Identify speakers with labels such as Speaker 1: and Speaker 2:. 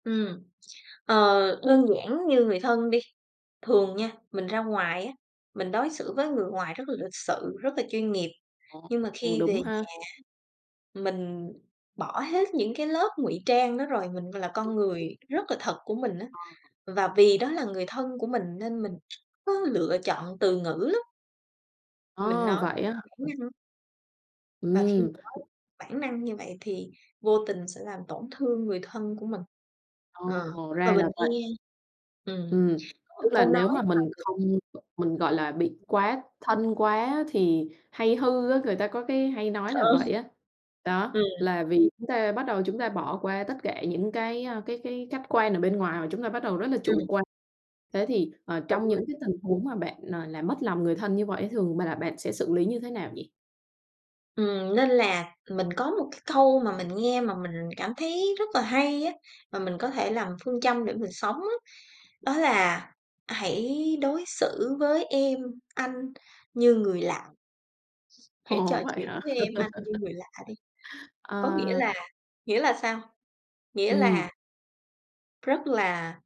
Speaker 1: Ừm. Ờ, đơn giản như người thân đi, thường nha, mình ra ngoài á, mình đối xử với người ngoài rất là lịch sự, rất là chuyên nghiệp,
Speaker 2: Ồ.
Speaker 1: nhưng mà
Speaker 2: Ừm,
Speaker 1: khi về
Speaker 2: đúng
Speaker 1: nhà,
Speaker 2: ha.
Speaker 1: mình bỏ hết những cái lớp ngụy trang đó rồi, mình v là con người rất là thật của mình á.
Speaker 2: Ờ.
Speaker 1: Và vì đó là người thân của mình, nên mình có lựa chọn từ ngữ lắm. Mình
Speaker 2: A,
Speaker 1: nói
Speaker 2: vậy á hả
Speaker 1: bản năng và khi mình
Speaker 2: Ừm.
Speaker 1: nói bản năng như vậy thì vô tình sẽ làm tổn thương người thân của mình.
Speaker 2: Ờ.
Speaker 1: Ờ và
Speaker 2: Ra
Speaker 1: mình
Speaker 2: là vậy.
Speaker 1: nghe ừm,
Speaker 2: Ừm,
Speaker 1: có một
Speaker 2: tức là
Speaker 1: câu nói
Speaker 2: nếu mà
Speaker 1: là
Speaker 2: mình
Speaker 1: đ
Speaker 2: không b mình, gọi là, bị quá thân quá á, thì hay hư á, người ta có cái hay nói là
Speaker 1: Ờ.
Speaker 2: vậy á. Đó,
Speaker 1: Ừm.
Speaker 2: là vì chúng ta bắt đầu chúng ta bỏ qua tất cả những cái, ơ, cái cái khách quan ở bên ngoài, mà chúng ta bắt đầu rất là
Speaker 1: Ừm.
Speaker 2: chủ quan. Thế thì, ờ,
Speaker 1: Đúng
Speaker 2: trong
Speaker 1: rồi.
Speaker 2: những cái tình huống mà bạn nà làm mất lòng người thân như vậy á, thường bà là bạn sẽ xử lý như thế nào nhỉ?
Speaker 1: Ừm, nên là mình có một cái câu mà mình nghe mà mình cảm thấy rất là hay á, mà mình có thể làm phương châm để mình sống á, đó là "Hãy đối xử với em/ anh như người lạ." "Hãy trò
Speaker 2: Ồ, vậy
Speaker 1: chuyện
Speaker 2: hả?
Speaker 1: với em/anh như người lạ đi." Có nghĩa
Speaker 2: Ờ.
Speaker 1: là nghĩa là sao? Nghĩa
Speaker 2: Ừm.
Speaker 1: là rất là